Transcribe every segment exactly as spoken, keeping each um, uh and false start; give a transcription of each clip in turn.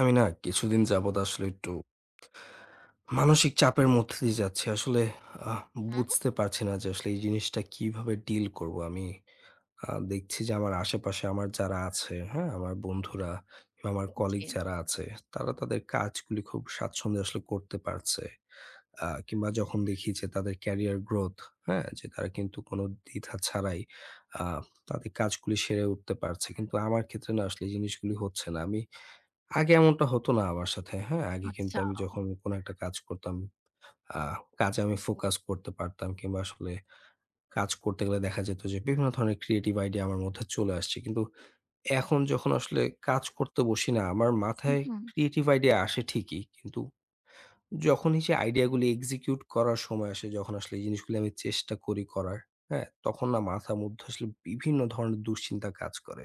আমি না কিছুদিন যাবত আসলে একটু মানসিক চাপের মধ্য দিয়ে যাচ্ছি। আসলে আ [unintelligible] বুঝতে পারছি না যে আসলে এই জিনিসটা কিভাবে deal করবো। আমি আ দেখছি যে আমার আশেপাশে আমার যারা আছে, হ্যাঁ? আমার বন্ধুরা কিংবা আমার কলিগ জি। যারা আছে তারা তাদের কাজগুলি খুব স্বাচ্ছন্দ্যে আসলে করতে পারছে আ কিংবা যখন দেখি যে তাদের career growth, হ্যাঁ? যে তারা কিন্তু কোন দ্বিধা ছাড়াই আ তাদের কাজগুলি সেরে উঠতে পারছে। কিন্তু আমার ক্ষেত্রে না আসলে এই জিনিসগুলি হচ্ছে না। আমি আগে এমনটা হতো না আমার সাথে, হ্যাঁ? আগে কিন্তু আচ্ছা। আমি যখন কোন একটা কাজ করতাম আ কাজে আমি focus করতে পারতাম কিংবা আসলে কাজ করতে গেলে দেখা যেত যে বিভিন্ন ধরনের creative idea আমার মধ্যে চলে আসছে। কিন্তু এখন যখন আসলে কাজ করতে বসি না, আমার উ মাথায় হু। creative idea আসে ঠিকই। কিন্তু যখনই সে idea গুলি execute করার সময় আসে, যখন আসলে এই জিনিসগুলি আমি চেষ্টা করি করার, হ্যাঁ? তখন না মাথার মধ্যে আসলে বিভিন্ন ধরনের দুশ্চিন্তা কাজ করে।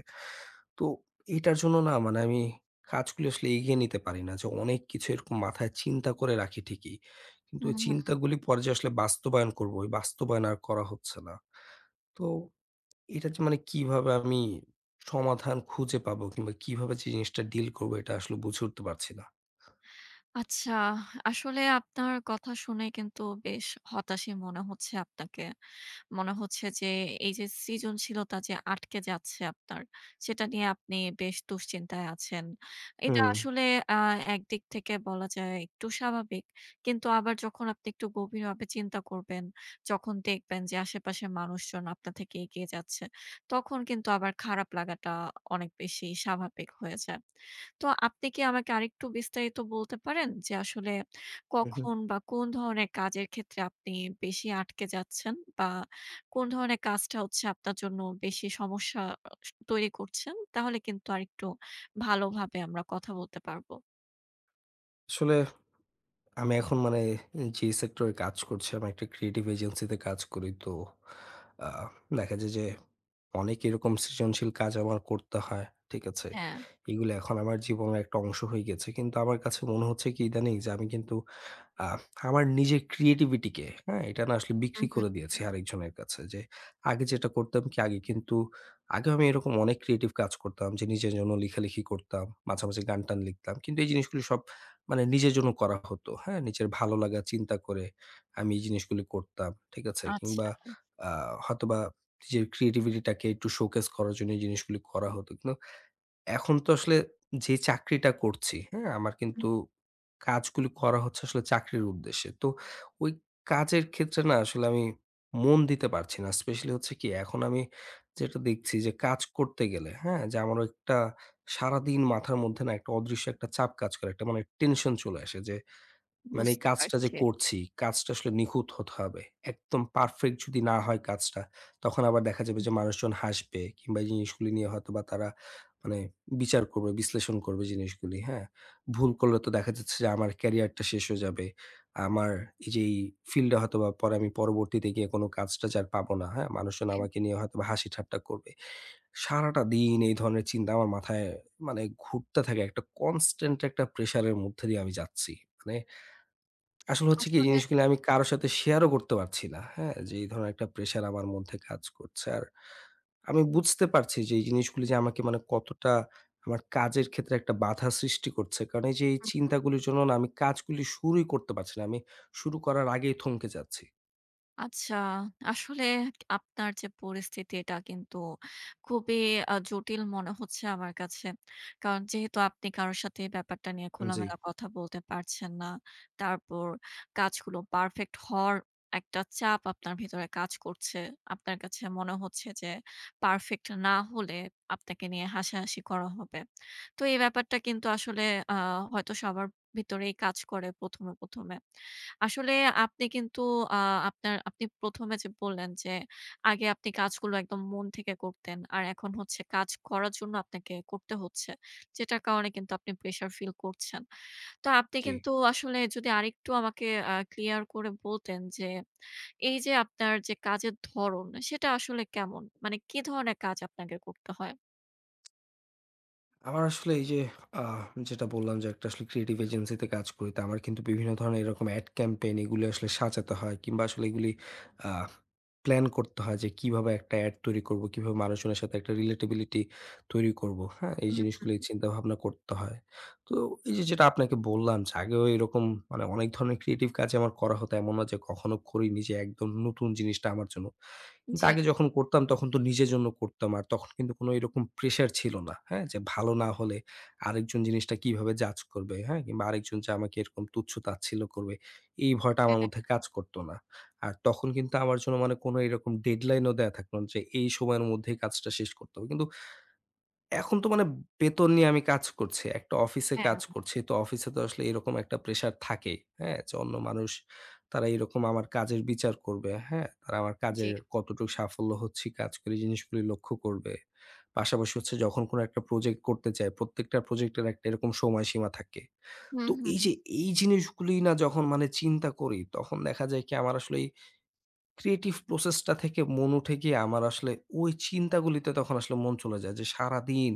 তো এটার জন্য না মানে আমি কাজগুলি আসলে এগিয়ে নিতে পারি না। যে অনেক কিছু এরকম মাথায় চিন্তা করে রাখি ঠিকই, কিন্তু হু, ওই হু। চিন্তাগুলি পরে যে আসলে বাস্তবায়ন করবো, ওই বাস্তবায়ন আর করা হচ্ছে না। তো এটা যে মানে কিভাবে আমি সমাধান খুঁজে পাবো কিংবা কিভাবে যে জিনিসটা deal করবো এটা আসলে বুঝে উঠতে পারছি না। আচ্ছা। আসলে আপনার কথা শুনে কিন্তু বেশ হতাশই মনে হচ্ছে আপনাকে। মনে হচ্ছে যে, এইযে সৃজনশীলতা যে আটকে যাচ্ছে আপনার, সেটা নিয়ে আপনি বেশ দুশ্চিন্তায় আছেন। এটা হুম। আসলে অ্যা একদিক থেকে বলা যায় একটু স্বাভাবিক। কিন্তু আবার যখন আপনি একটু গভীরভাবে চিন্তা করবেন, যখন দেখবেন যে আশেপাশের মানুষজন আপনার থেকে এগিয়ে যাচ্ছে, তখন কিন্তু আবার খারাপ লাগাটা অনেক বেশি স্বাভাবিক হয়ে যায়। তো আপনি কি আমাকে আরেকটু বিস্তারিত বলতে পারেন যে আসলে উ হু। কখন বা কোন ধরনের কাজের ক্ষেত্রে আপনি বেশি আটকে যাচ্ছেন বা কোন ধরনের কাজটা হচ্ছে আপনার জন্য বেশি সমস্যা আস তৈরি করছেন? তাহলে কিন্তু আরেকটু ভালোভাবে আমরা কথা বলতে পারবো। আসলে, আমি এখন মানে যে sector এ কাজ করছি, আমি একটি creative agency তে কাজ করি। তো আ দেখা যায় যে অনেক এরকম সৃজনশীল কাজ আমার করতে হয়, ঠিক আছে? হ্যাঁ। এগুলি এখন আমার জীবনের একটা অংশ হয়ে গেছে। কিন্তু আমার কাছে মনে হচ্ছে কি ইদানীং যে আমি কিন্তু, আ আমার নিজের creativity কে, হ্যাঁ, এটা না আসলে উ বিক্রি করে হু। দিয়েছি আরেকজনের কাছে। যে আগে যেটা করতাম কি, আগে কিন্তু আগে আমি এরকম অনেক creative কাজ করতাম যে নিজের জন্য লিখালিখি করতাম, মাঝেমাঝে গান টান লিখতাম। কিন্তু এই জিনিসগুলি সব মানে নিজের জন্য করা হতো, হ্যাঁ? নিজের ভালো লাগা চিন্তা করে আমি এই জিনিসগুলি করতাম, ঠিক আছে? আচ্ছা। কিংবা আ হয়তোবা নিজের creativity টাকে একটু showcase করার জন্য এই জিনিসগুলি করা হতো। কিন্তু এখন তো আসলে যে চাকরিটা করছি, হ্যাঁ, আমার কিন্তু কাজগুলি করা হচ্ছে আসলে চাকরির উদ্দেশ্যে। তো ওই কাজের ক্ষেত্রে না আসলে আমি মন দিতে পারছি না। specially হচ্ছে কি এখন আমি যেটা দেখছি যে কাজ করতে গেলে, হ্যাঁ, যে আমার একটা সারাদিন মাথার মধ্যে না একটা অদৃশ্য একটা চাপ কাজ করে। একটা মানে tension চলে আসে যে, মানে এই বুঝতে কাজটা যে পারছি। করছি, কাজটা আসলে নিখুঁত হতে হবে। একদম perfect যদি না হয় কাজটা তখন আবার দেখা যাবে উ যে মানুষজন হাসবে কিংবা এই জিনিসগুলি নিয়ে হয়তোবা তারা মানে বিচার করবে, বিশ্লেষণ করবে জিনিসগুলি, হ্যাঁ? ভুল করলে তো দেখা যাচ্ছে যে, আমার career টা শেষ হয়ে যাবে। আমার এই যে এই field টা হয়তোবা পরে আমি পরবর্তীতে গিয়ে কোন কাজটা যে আর পাব না, হ্যাঁ? মানুষজন [unintelligible] আমাকে নিয়ে হয়তোবা হাসিঠাট্টা করবে। সারাটা দিন এই ধরনের চিন্তা আমার মাথায় মানে ঘুরতে থাকে। একটা constant একটা pressure এর মধ্যে দিয়ে আমি যাচ্ছি। মানে আসলে হচ্ছে কি এই আসলে। জিনিসগুলি আমি কারো সাথে share ও করতে পারছি না, হ্যাঁ? যে এই ধরনের একটা pressure আমার মধ্যে কাজ করছে। আর আমি বুঝতে পারছি যে এই জিনিসগুলি যে আমাকে মানে কতটা আমার কাজের ক্ষেত্রে একটা বাধা সৃষ্টি করছে। কারণ এই যে এই উ হু। চিন্তাগুলির জন্য না আমি কাজগুলি শুরুই করতে পারছি না। আমি শুরু করার আগেই থমকে যাচ্ছি। আচ্ছা, আসলে আপনার যে পরিস্থিতি এটা কিন্তু খুবই আ জটিল মনে হচ্ছে আমার কাছে। কারণ যেহেতু আপনি কারো সাথে এই ব্যাপারটা নিয়ে জ্বী। খোলামেলা কথা বলতে পারছেন না, তারপর কাজগুলো পারফেক্ট হওয়ার একটা চাপ আপনার ভেতরে কাজ করছে। আপনার কাছে মনে হচ্ছে যে, পারফেক্ট না হলে আপনাকে নিয়ে হাসাহাসি করা হবে। তো এই ব্যাপারটা কিন্তু আসলে অ্যা হয়তো সবার ভেতরেই কাজ করে প্রথম এ, প্রথম এ। আসলে আপনি কিন্তু অ্যা আপনার আপনি প্রথম এ যে বললেন যে, আগে আপনি কাজগুলো একদম মন থেকে করতেন আর এখন হচ্ছে কাজ করার জন্য আপনাকে করতে হচ্ছে, যেটার কারণে কিন্তু আপনি pressue feel করছেন। তো আপনি জ্বী। কিন্তু আসলে যদি আরেকটু আমাকে আ clear করে বলতেন যে এইযে, আপনার যে কাজের ধরণ সেটা আসলে কেমন? মানে কি ধরনের কাজ আপনাকে করতে হয়? আমার আসলে আ এইযে যেটা বললাম যে একটা আসলে creative agency তে কাজ করি। তো আমার কিন্তু বিভিন্ন ধরনের এরকম ad campaign এগুলি আসলে সাজাতে হয় কিংবা আসলে এগুলি আ প্ল্যান করতে হয় যে, কিভাবে একটা ad তৈরি করবো, কিভাবে মানুষজনের সাথে একটা relatability তৈরি করবো, হ্যাঁ? এই হু, জিনিসগুলিই হু। চিন্তাভাবনা করতে হয়। তো এইযে যেটা আপনাকে বললাম যে, আগেও এরকম মানে অনেক ধরনের creative কাজই আমার করা হতো। এমন না যে কখনো করি নি যে একদম নতুন জিনিসটা আমার জন্য। কিন্তু জ্বি। আগে যখন করতাম তখন তো নিজের জন্য করতাম। আর তখন কিন্তু কোন এরকম pressure ছিল না, হ্যাঁ? যে ভালো না হলে আরেকজন জিনিসটা কিভাবে judge করবে, হ্যাঁ? কিংবা আরেকজন যে আমাকে এরকম তুচ্ছ-তাচ্ছিল্য করবে, এই ভয়টা আমার হ্যাঁ। মধ্যে কাজ করতো না। আর তখন কিন্তু আমার জন্য মানে কোন এরকম deadline ও দেয়া থাকতো না যে এই সময়ের মধ্যে কাজটা শেষ করতে হবে। কিন্তু এখন তো মানে বেতন নিয়ে আমি কাজ করছি, একটা অফিসে কাজ হ্যাঁ। করছি। তো অফিসে তো আসলে এরকম একটা pressure থাকেই, হ্যাঁ? যে অন্য মানুষ তারা এরকম আমার কাজের বিচার করবে, হ্যাঁ? তারা আমার কাজের জ্বি। কতটুকু সাফল্য হচ্ছি কাজ করে, জিনিসগুলি লক্ষ্য করবে। পাশাপাশি হচ্ছে যখন কোন একটা project করতে যাই, প্রত্যেকটা project এর একটা এরকম সময়সীমা থাকে। হু, তো হু। এইযে, এই জিনিসগুলি না যখন মানে চিন্তা করি তখন দেখা যায় কি? আমার আসলে এই creative process টা থেকে মন উঠে গিয়ে আমার আসলে ওই চিন্তাগুলিতে তখন আসলে মন চলে যায়। যে সারাদিন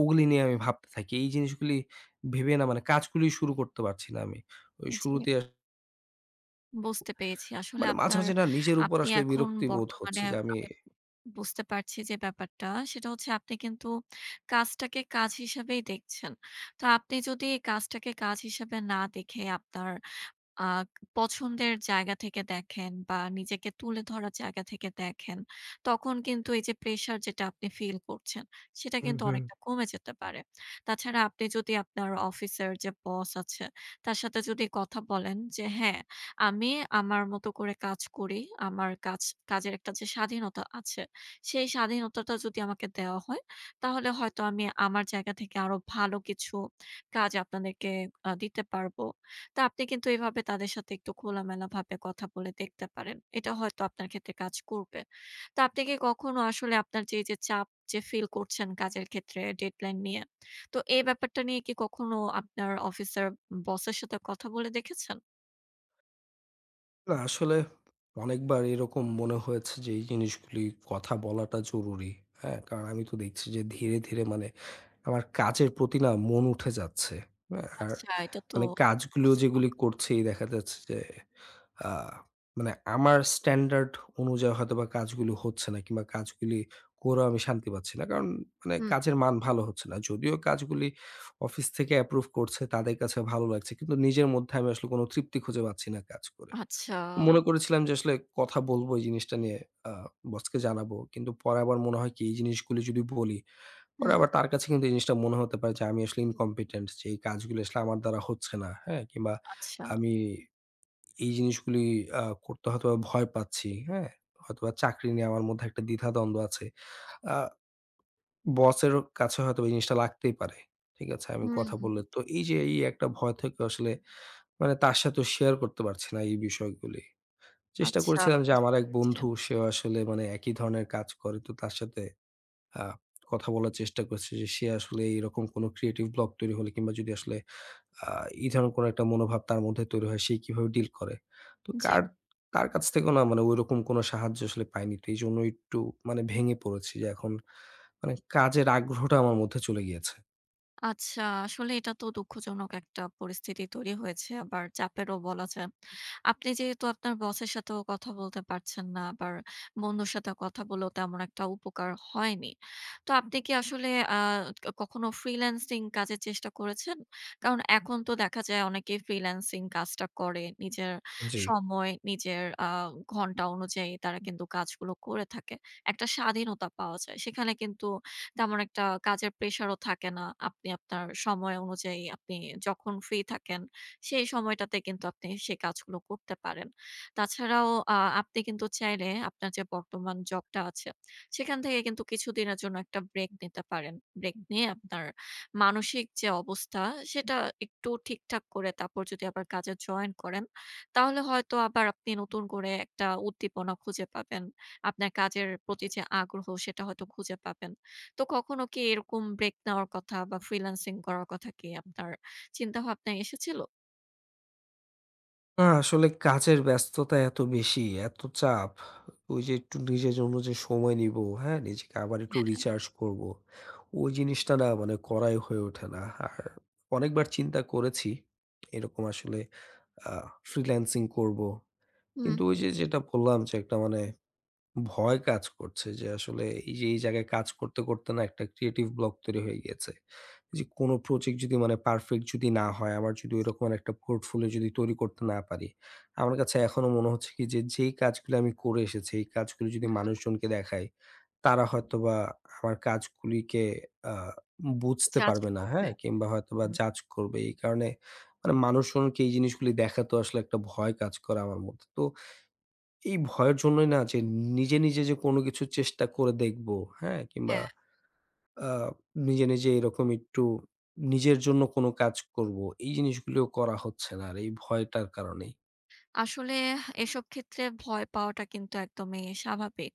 ওগুলি নিয়ে আমি ভাবতে থাকি। এই জিনিসগুলি ভেবে না মানে কাজগুলি শুরু করতে পারছি না আমি। ওই জি। শুরুতে আস বুঝতে পেরেছি আসলে মানে মাঝে, আপনার, মাঝে না নিজের উপর আপনি আসলে এখন বিরক্তি বোধ বর্তমানে হচ্ছে যে আমি আমি বুঝতে পারছি যে ব্যাপারটা সেটা হচ্ছে আপনি কিন্তু কাজটাকে কাজ হিসেবেই দেখছেন। তা আপনি যদি এই কাজটাকে কাজ হিসেবে না দেখে আপনার আ পছন্দের জায়গা থেকে দেখেন বা নিজেকে তুলে ধরার জায়গা থেকে দেখেন, তখন কিন্তু এই যে pressure যেটা আপনি feel করছেন সেটা উ কিন্তু হু। অনেকটা কমে যেতে পারে। তাছাড়া আপনি যদি আপনার অফিসের যে boss আছে তার সাথে যদি কথা বলেন যে হ্যাঁ, আমি আমার মতো করে কাজ করি, আমার কাজ, কাজের একটা যে স্বাধীনতা আছে সেই স্বাধীনতাটা যদি আমাকে দেওয়া হয় তাহলে হয়তো আমি আমার জায়গা থেকে আরও ভালো কিছু কাজ আপনাদেরকে আ দিতে পারবো। তা আপনি কিন্তু এভাবে তাদের সাথে একটু খোলামেলাভাবে কথা বলে দেখতে পারেন। এটা হয়তো আপনার ক্ষেত্রে কাজ করবে। তা আপনি কি কখনো আসলে আপনার যে এই যে চাপ যে feel করছেন কাজের ক্ষেত্রে deadline নিয়ে, তো এই ব্যাপারটা নিয়ে কি কখনো আপনার অফিসের boss এর সাথে কথা বলে দেখেছেন? না, আসলে অনেকবার এরকম মনে হয়েছে যে এই জিনিসগুলি কথা বলাটা জরুরি। হ্যাঁ, কারণ আমি তো দেখছি যে ধীরে, ধীরে মানে আমার কাজের প্রতি না মন উঠে যাচ্ছে। অ্যা আর আচ্ছা, এটা তো মানে কাজগুলো খুজনক। যেগুলি করছি দেখা যাচ্ছে যে, আ মানে আমার স্ট্যান্ডার্ড অনুযায়ী হয়তোবা কাজগুলো হচ্ছে না কিংবা কাজগুলি করেও আমি শান্তি পাচ্ছি না। কারণ মানে হুম। কাজের মান ভালো হচ্ছে না। যদিও কাজগুলি অফিস থেকে approve করছে, তাদের কাছে ভালো লাগছে কিন্তু নিজের মধ্যে আমি আসলে কোন তৃপ্তি খুঁজে পাচ্ছি না কাজ করে। আচ্ছা। মনে করেছিলাম যে আসলে কথা বলব এই জিনিসটা নিয়ে, আ বসকে জানাবো। কিন্তু পরে আবার মনে হয় কি এই জিনিসগুলি যদি বলি পরে হুম। আবার তার কাছে কিন্তু এই জিনিসটা মনে হতে পারে যে আমি আসলে incompetent যে এই কাজগুলি আসলে আমার দ্বারা হচ্ছে না। হ্যাঁ, কিংবা আচ্ছা। আমি এই জিনিসগুলি আ করতে হয়তোবা ভয় পাচ্ছি। হ্যাঁ, হয়তোবা চাকরি নিয়ে আমার মধ্যে একটা দ্বিধাদ্বন্দ্ব আছে। আ বসেরও কাছে হয়তো এই জিনিসটা লাগতেই পারে। ঠিক আছে আমি হু। কথা বললে। তো এই যে এই একটা ভয় থেকেও আসলে মানে তার সাথেও share করতে পারছি না এই বিষয়গুলি। চেষ্টা আচ্ছা, করেছিলাম যে, আমার বুঝতে এক পারছে। বন্ধু সেও আসলে মানে একই ধরনের কাজ করে তো তার সাথে আ কথা বলার চেষ্টা করেছি যে সে আসলে এরকম কোন creative block তৈরি হলে কিংবা যদি আসলে আ এই ধরনের কোন একটা মনোভাব তার মধ্যে তৈরি হয় সে কিভাবে deal করে। তো জি। কার তার কাছ থেকেও না মানে ওইরকম কোন সাহায্য আসলে পাইনি। তো এইজন্যই একটু মানে ভেঙে পড়েছি যে, এখন মানে কাজের আগ্রহটা আমার মধ্যে চলে গিয়েছে। আচ্ছা, আসলে এটা তো দুঃখজনক একটা পরিস্থিতি তৈরি হয়েছে, আবার চাপেরও বলা যায়। আপনি যেহেতু আপনার boss এর সাথেও কথা বলতে পারছেন না, আবার বন্ধুর সাথে কথা বলেও তেমন একটা উপকার হয়নি। তো আপনি কি আসলে, আ কখনো freelancing কাজের চেষ্টা করেছেন? কারণ এখন তো দেখা যায় অনেকেই freelancing কাজটা করে। নিজের জি। সময়, নিজের, আ ঘণ্টা অনুযায়ী তারা কিন্তু কাজগুলো করে থাকে। একটা স্বাধীনতা পাওয়া যায়। সেখানে কিন্তু তেমন একটা কাজের pressure ও থাকে না। আপনি আপনার সময় অনুযায়ী আপনি যখন free থাকেন। সেই সময়টাতে কিন্তু আপনি সে কাজগুলো করতে পারেন। তাছাড়াও, আ আপনি কিন্তু চাইলে আপনার যে বর্তমান job টা আছে সেখান থেকে কিন্তু কিছুদিনের জন্য একটা break নিতে পারেন। Break নিয়ে আপনার মানসিক যে অবস্থা সেটা একটু ঠিকঠাক করে তারপর যদি আবার কাজে join করেন। তাহলে হয়তো আবার আপনি নতুন করে একটা উদ্দীপনা খুঁজে পাবেন। আপনার কাজের প্রতি যে আগ্রহ সেটা হয়তো খুঁজে পাবেন। তো কখনো কি এরকম break নেওয়ার কথা বা freelancing করার কথা কি আপনার চিন্তাভাবনায় এসেছিল? আ আসলে কাজের ব্যস্ততা এত বেশি, এত চাপ, ওই যে একটু নিজের জন্য যে সময় নিব, হ্যাঁ নিজেকে আবার একটু হ্যাঁ। recharge করব, ওই জিনিসটা না মানে করাই হয়ে ওঠে না। আর অনেকবার চিন্তা করেছি এরকম আসলে আ freelancing করব। হুম। কিন্তু ওই যে যেটা বললাম যে, একটা মানে ভয় কাজ করছে যে আসলে এই যে এই জায়গায় কাজ করতে, করতে না একটা creative block তৈরি হয়ে গিয়েছে। যে কোন project যদি মানে perfect যদি না হয়, আমার যদি জি। ওইরকম এর একটা portfolio যদি তৈরি করতে না পারি, আমার কাছে এখনও মনে হচ্ছে কি যে যেই কাজগুলি আমি করে এসেছি এই কাজগুলি যদি হুম। মানুষজনকে দেখাই, তারা হয়তোবা আমার কাজগুলিকে আ বুঝতে জাজ পারবে না, করতে। হ্যাঁ, কিংবা হয়তোবা হুম। judge করবে। এই কারণে মানে মানুষজনকে এই জিনিসগুলি দেখাতে আসলে একটা ভয় কাজ করে আমার মধ্যে। তো এই ভয়ের জন্যই না যে নিজে, নিজে যে কোন কিছু চেষ্টা করে দেখব, হ্যাঁ, কিংবা হ্যাঁ। আ নিজে, নিজে এরকম একটু নিজের জন্য কোন কাজ করব এই জিনিসগুলিও করা হচ্ছে না আর এই ভয়টার কারণেই। আসলে এসব ক্ষেত্রে ভয় পাওয়াটা কিন্তু একদমই স্বাভাবিক।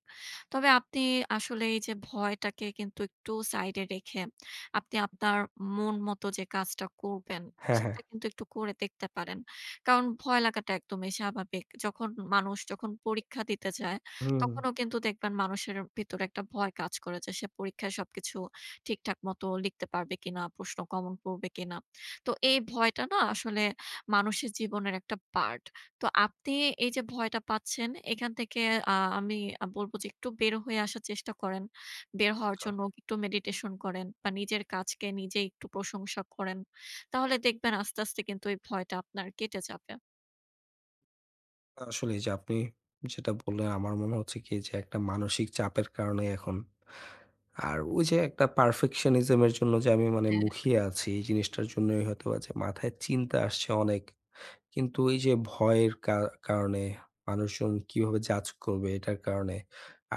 তবে আপনি আসলে এই যে ভয়টাকে কিন্তু একটু side এ রেখে আপনি আপনার মন মতো যে কাজটা করবেন হ্যাঁ, হ্যাঁ। সেটা কিন্তু একটু করে দেখতে পারেন। কারণ ভয় লাগাটা একদমই স্বাভাবিক। যখন মানুষ যখন পরীক্ষা দিতে যায় হুম। তখনও কিন্তু দেখবেন মানুষের ভেতরে একটা ভয় কাজ করে যে সে পরীক্ষায় সবকিছু ঠিকঠাক মতো লিখতে পারবে কিনা, প্রশ্ন common পড়বে কিনা। তো এই ভয়টা না আসলে মানুষের জীবনের একটা part. তো আপনি এই যে ভয়টা পাচ্ছেন এখান থেকে, আ আমি আ বলব যে একটু বের হয়ে আসার চেষ্টা করেন। বের হওয়ার চ জন্য একটু meditation করেন বা নিজের কাজকে নিজেই একটু প্রশংসা করেন। তাহলে দেখবেন আস্তে, আস্তে কিন্তু এই ভয়টা আপনার কেটে যাবে। আসলে এই যে আপনি যেটা বললেন, আমার মনে হচ্ছে কি যে একটা মানসিক চাপের কারণেই এখন, আর ওই যে একটা perfectionism এর জন্য যে আমি মানে মুখিয়ে হ্যাঁ। আছি এই জিনিসটার জন্যই হয়তোবা যে মাথায় চিন্তা আসছে অনেক। কিন্তু ওই যে ভয়ের কা কারণে মানুষজন কিভাবে judge করবে এটার কারণে,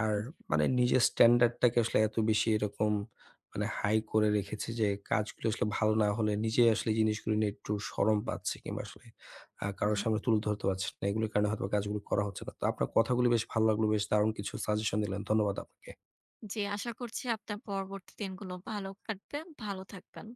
আর হুম। মানে নিজের standard টাকে আসলে এত বেশি এরকম মানে high করে রেখেছি যে কাজগুলো আসলে ভালো না হলে নিজেই আসলে জিনিসগুলি নিয়ে একটু শরম পাচ্ছি কিংবা আসলে আ কারো হু। সামনে তুলে ধরতে পারছি না। এগুলির কারণে হয়তোবা কাজগুলো করা হচ্ছে না। তো আপনার কথাগুলি বেশ ভালো লাগলো। বেশ দারুণ কিছু suggestion দিলেন। ধন্যবাদ আপুকে। জি, আশা করছি আপনার পরবর্তী দিনগুলো ভালো কাটবে, ভালো থাকবেন।